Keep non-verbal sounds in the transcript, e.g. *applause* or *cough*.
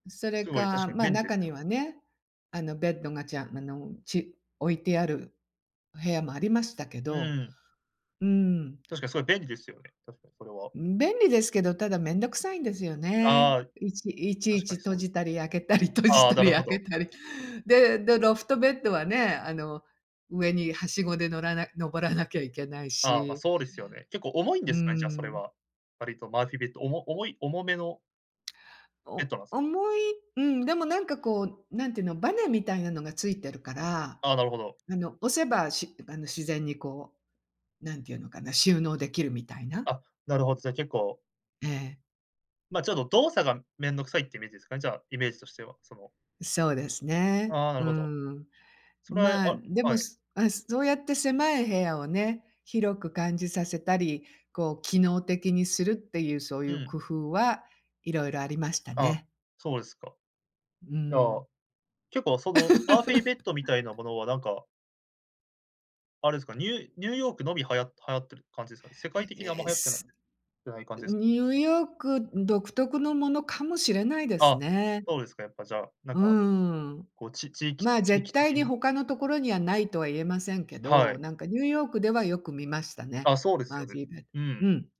それすごい、確か、かにま、便利で中すによ。はね、あのベッドがちゃあの、ち置いてある部屋もありましたけうど、ーん。うーん。確かにそれ便利ですよね、確かにそれは。ん、便利ですけど、ただめんどくさいんですよね。ああ、いちいちい確かちに閉そうです。じたり開けたり閉じああ、たなりる開ほけど。たり、でで、ロフトベッドはね、あの上にはしごで乗らな登らなきゃいけないああ、まあ、し、そうですよね。結構重いんうでーすかね、じゃあそれん。は、割とマーフィーベッド、おも重い重めのべッおドなんす重いうん、でもなんかこう、何ていうの、バネみたいなのがついてるから、ああ、なるほど。あの押せばしあの自然にこう、何て言うのかな、収納できるみたいな。あ、なるほど、じゃ結構ええ。まあ、ちょっと動作が面倒くさいっていうイメージですかね、じゃあイメージとしては、そのそうですね。ああ、なうるほど。ーん。それまあ、はであ、はもい。すま、そうやって狭い部屋をね、広く感じさせたり、こう、機能的にするっていうそういううん。工夫はいろいろありましたあ、ね。そうですか。うーいや、ん。結構、その、マーフィーベッドみたいな *laughs* ものはなんかあれですか、ニューニューヨークのみ、はや流行ってる感じですかね。世界的にあんえまえ、流行ってないすてない感じですニューヨーク独特のものかもしれないですあ、ね。そうですか、やっぱじゃあ、なんうーか。ん、こう、ち地域まあ、地絶域対的にに他のところにはないとは言えませんけはど、い。なんかニューヨークではよく見ましたね。あ、そうですマよーね。ジーベッうーん。ド。うん。